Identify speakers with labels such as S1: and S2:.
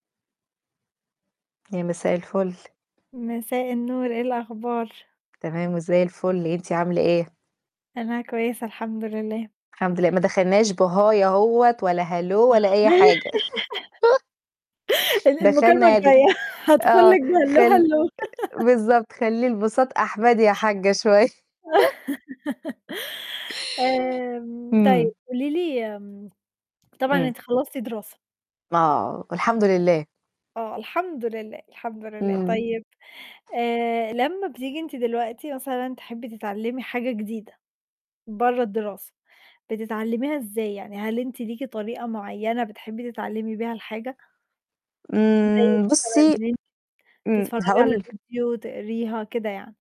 S1: يا مساء الفل.
S2: مساء النور، إيه الأخبار؟
S1: تمام وزَي الفل، أنتِ عاملة إيه؟
S2: أنا كويسة الحمد لله.
S1: الحمد لله. ما دخلناش بhi أهوّة ولا hello ولا أي حاجة.
S2: ال المكالمة
S1: دخلنا د
S2: الجاية هادخل
S1: آه،
S2: لِك بhello،
S1: خل
S2: hello.
S1: بالضبط، خلّي البُساط أحمدي يا حاجّة شوية.
S2: آمم
S1: إمم.
S2: طيب، قولي لي آمم طبعًا
S1: إمم.
S2: أنتِ خلَّصتِ دراسة؟
S1: آه، والحمد لله.
S2: آه، الحمد لله، الحمد لله.
S1: إمم.
S2: طيب آآ، لمّا بتيجي أنتِ دلوقتي مثلًا تحبّي تتعلّمي حاجة جديدة برّه الدراسة، بتتعلميها إزاي، يعني هل أنتِ ليكِ طريقة معينة بتحبّي تتعلمي بيها الحاجة؟ زَي
S1: إمم،
S2: مثلًا
S1: بُصّي
S2: إن أنتِ
S1: إمم.
S2: تتفرّجي على
S1: هاقول
S2: فيديو، تقريها، كده يعني.